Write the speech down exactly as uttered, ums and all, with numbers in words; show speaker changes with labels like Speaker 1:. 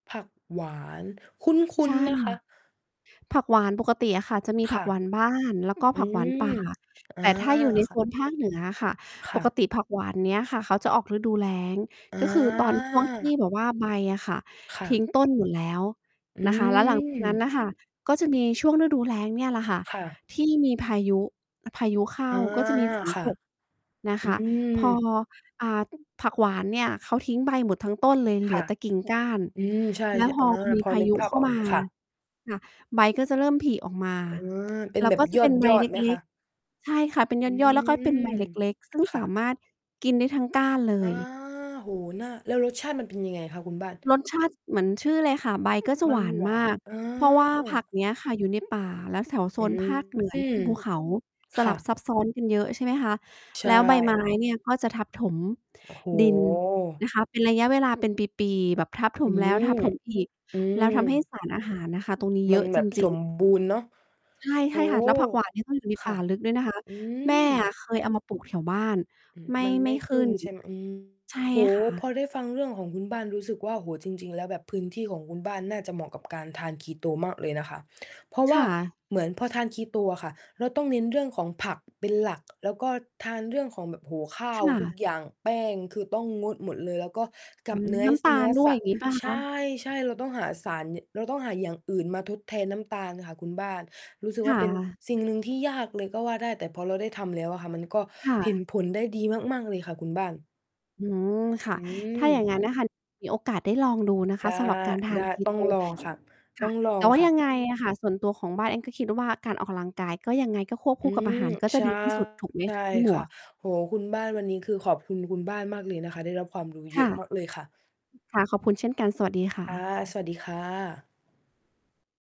Speaker 1: ผักหวานคุ
Speaker 2: ใช
Speaker 1: ้น
Speaker 2: ่
Speaker 1: ๆ นะคะ
Speaker 2: ผักหวานปกติอะค่ะจะมี
Speaker 1: ค
Speaker 2: ผั
Speaker 1: ่
Speaker 2: ก
Speaker 1: ะ
Speaker 2: หวานบ้าน แล้วก็
Speaker 1: อื
Speaker 2: ผักหวาน
Speaker 1: ม
Speaker 2: ป่า
Speaker 1: อ
Speaker 2: แ
Speaker 1: า
Speaker 2: ต่ถ้าอยู่ใน
Speaker 1: ค
Speaker 2: โซ
Speaker 1: ่ะ
Speaker 2: น ภาคเหนืออะค่ะ
Speaker 1: ค
Speaker 2: ป
Speaker 1: ่
Speaker 2: ก
Speaker 1: ะ
Speaker 2: ติผักหวานเนี้ยค่ะเขาจะออกฤดูแล้ง ก็คือตอน ช่วง ที่
Speaker 1: อา
Speaker 2: แบบว่าใบอะค่ะ
Speaker 1: ค่
Speaker 2: ทิ้
Speaker 1: ะ
Speaker 2: งต้นอยู่แล้ว
Speaker 1: อื
Speaker 2: นะคะ แล้ว หลัง จากนั้นน่ะค่ะ
Speaker 1: ม
Speaker 2: ก็จะมีช่วงฤดูแล้งเนี่ยแหละค่ะ
Speaker 1: ค่ะ
Speaker 2: ที่มีพายุ พายุเข้า
Speaker 1: อา
Speaker 2: ก็จะมี ฝน
Speaker 1: ค่
Speaker 2: ต
Speaker 1: ะ
Speaker 2: ก นะ
Speaker 1: อ
Speaker 2: ค
Speaker 1: ื
Speaker 2: ะ พอ
Speaker 1: ม
Speaker 2: อ่า ผักหวานเนี่ยเขาทิ้งใบหมดทั้งต้นเลย เหล
Speaker 1: ค
Speaker 2: ื
Speaker 1: ่
Speaker 2: อ
Speaker 1: ะ
Speaker 2: แต่กิ่งก้าน
Speaker 1: อืม ใช่
Speaker 2: แล้วพ
Speaker 1: ๆ อ
Speaker 2: อ
Speaker 1: า
Speaker 2: มี
Speaker 1: พอ
Speaker 2: พา
Speaker 1: นึ
Speaker 2: ย
Speaker 1: ก
Speaker 2: ุ
Speaker 1: ภา
Speaker 2: เ
Speaker 1: พ
Speaker 2: ข้า
Speaker 1: ออก
Speaker 2: มา
Speaker 1: ค่ะ
Speaker 2: ค่ะ ใบก็จะเริ่มผลิออกมา
Speaker 1: อา เป็
Speaker 2: แ
Speaker 1: น
Speaker 2: ล้
Speaker 1: แ
Speaker 2: ว
Speaker 1: บ
Speaker 2: ก
Speaker 1: บ
Speaker 2: ็จะเป็นใบ
Speaker 1: ยอ
Speaker 2: เ
Speaker 1: ด ๆ ไหม
Speaker 2: ล
Speaker 1: ค
Speaker 2: ็ก
Speaker 1: ะ?
Speaker 2: ๆ ใช่ค่ะ เป็นย
Speaker 1: อื
Speaker 2: อด ๆ ก็จะเป็นใบ
Speaker 1: ม
Speaker 2: เล็ก ๆ ซึ่ง
Speaker 1: ค่
Speaker 2: สา
Speaker 1: ะ
Speaker 2: มารถกินได้ทั้งก้านเล
Speaker 1: อา
Speaker 2: ย
Speaker 1: โอ้โฮ น่า แล้วรสชาติมันเป็นยังไงคะคุณบ้าน?
Speaker 2: รสชาติเหมือนชื่อเลยค่ะ ใบก็จะ
Speaker 1: มั
Speaker 2: หว
Speaker 1: น
Speaker 2: าน
Speaker 1: หว
Speaker 2: ม
Speaker 1: า
Speaker 2: าก
Speaker 1: เอ
Speaker 2: เพราะว่าผั
Speaker 1: อ
Speaker 2: กเนี้ยค่ะ อยู่ในป่าแล้วแสว โซ
Speaker 1: อื
Speaker 2: นภาคเหนือ เนี่ย เป็น
Speaker 1: ม
Speaker 2: ภูเขา ส
Speaker 1: ค
Speaker 2: ล
Speaker 1: ่
Speaker 2: ับ
Speaker 1: ะ
Speaker 2: ซับซ้อนกันเยอะ ใช่ไหมคะ
Speaker 1: ใช
Speaker 2: แล้ว ใบไม้
Speaker 1: ่
Speaker 2: เนี่ยก็จะทับถม
Speaker 1: โอ้โฮ
Speaker 2: ดินนะคะ เป็นระยะเวลาเป็นปี ๆ แบบทับถ
Speaker 1: อื
Speaker 2: มแล้ว
Speaker 1: ม
Speaker 2: ทับถมอีก
Speaker 1: อื
Speaker 2: แล้
Speaker 1: ม
Speaker 2: วทำให้สารอาหารนะคะ ตรงนี้
Speaker 1: ม
Speaker 2: เย
Speaker 1: ั
Speaker 2: อ
Speaker 1: น
Speaker 2: ะ
Speaker 1: แบ
Speaker 2: จ
Speaker 1: บ ส
Speaker 2: ริง ๆ
Speaker 1: มบูรณ์ เนาะ
Speaker 2: ใช่
Speaker 1: โอ้
Speaker 2: ๆ ค่ะ
Speaker 1: โ
Speaker 2: แล้วผัก หว
Speaker 1: ฮ
Speaker 2: าน นี่ต้องอยู่ใน
Speaker 1: ค
Speaker 2: ป
Speaker 1: ่
Speaker 2: ่
Speaker 1: ะ
Speaker 2: าลึกด้วย นะคะ
Speaker 1: อื
Speaker 2: แม่
Speaker 1: ม
Speaker 2: อะเคยเอามาปลูกแถวบ้าน
Speaker 1: อืม
Speaker 2: ไม่
Speaker 1: มันไ
Speaker 2: ไ
Speaker 1: ม
Speaker 2: ม่
Speaker 1: ่
Speaker 2: ข
Speaker 1: ข
Speaker 2: ึ้
Speaker 1: ึ้น
Speaker 2: น
Speaker 1: ใช่ ม อืม
Speaker 2: ใช่
Speaker 1: โอ้โ
Speaker 2: ค่
Speaker 1: ฮ พ
Speaker 2: ะ
Speaker 1: อได้ฟังเรื่องของคุณบ้านรู้สึกว่า โอ้โฮ จริง ๆ แล้วแบบพื้นที่ของคุณบ้านน่าจะเหมาะกับการทาน Keto มากเลยนะคะ เพราะ
Speaker 2: ค
Speaker 1: ว่า
Speaker 2: ่ะ
Speaker 1: เหมือนพอทาน Keto อะค่ะ เราต้องเน้นเรื่องของผัก เป็นหลัก แล้วก็ทานเรื่องของ แบบ โอ้โฮ! ข้า
Speaker 2: ค
Speaker 1: ว
Speaker 2: ่
Speaker 1: ทุก
Speaker 2: ะ
Speaker 1: อย่าง แป้งคือต้องงดหมดเลย แล้วก็ก
Speaker 2: อื
Speaker 1: ับ
Speaker 2: ม
Speaker 1: เนื้อ
Speaker 2: น้ำตา
Speaker 1: เนื้อ
Speaker 2: ลด้ว
Speaker 1: ส
Speaker 2: ย
Speaker 1: ั
Speaker 2: อ
Speaker 1: ต
Speaker 2: ย่
Speaker 1: ว
Speaker 2: า
Speaker 1: ์
Speaker 2: งงี้เปล่า
Speaker 1: ใช
Speaker 2: คะ?
Speaker 1: ่ ใช่ เราต้องหาสาร เราต้องหาอย่างอื่นมาทดแทนน้ำตาลค่ะคุณบ้าน รู้สึก
Speaker 2: ค
Speaker 1: ว่
Speaker 2: ่
Speaker 1: าเป็น
Speaker 2: ะ
Speaker 1: สิ่งหนึ่งที่ยากเลยก็ว่าได้ แต่พอเราได้ทำแล้วอะค่ะ ก็
Speaker 2: ค่
Speaker 1: เห็น
Speaker 2: ะ
Speaker 1: ผลได้ดีมาก ๆ เลยค่ะคุณบ้าน
Speaker 2: อืม ค่
Speaker 1: อ
Speaker 2: ะ
Speaker 1: ื
Speaker 2: ถ้าอย่าง
Speaker 1: ม
Speaker 2: งั้น น่ะค่ะ มีโอกาสได้ลองดูนะค
Speaker 1: ได
Speaker 2: ะ
Speaker 1: ้
Speaker 2: สำหรับการทา
Speaker 1: ได้
Speaker 2: น
Speaker 1: ต้อง
Speaker 2: Keto
Speaker 1: ลอง ค่ะ
Speaker 2: ค
Speaker 1: ต้
Speaker 2: ่
Speaker 1: อ
Speaker 2: ะ
Speaker 1: งลอ
Speaker 2: แต่
Speaker 1: ง
Speaker 2: ว่า
Speaker 1: ค่
Speaker 2: ยั
Speaker 1: ะ
Speaker 2: งไงอะค่ะ ส่วนตัวของบ้านเองก็คิดว่า การออกกำลังกายก็ยังไง ก็ควบค
Speaker 1: อื
Speaker 2: ู่กับอ
Speaker 1: ม
Speaker 2: าหารก็จ
Speaker 1: ใช
Speaker 2: ะ
Speaker 1: ่
Speaker 2: ดีที่สุดถูกไหม
Speaker 1: ใช่
Speaker 2: คะ คุณหม
Speaker 1: ค่
Speaker 2: ว
Speaker 1: ะ
Speaker 2: ก?
Speaker 1: โอ้โฮ คุณบ้าน วันนี้คือขอบคุณคุณบ้านมากเลยนะคะ ได้รับความรู้เ
Speaker 2: ค
Speaker 1: ยอ
Speaker 2: ่ะ
Speaker 1: ะมากเลยค่ะ
Speaker 2: ค่ะ ขอบคุณเช่นกัน สวัสดีค่
Speaker 1: ค่ะ
Speaker 2: ะ
Speaker 1: สวัสดีค่ะ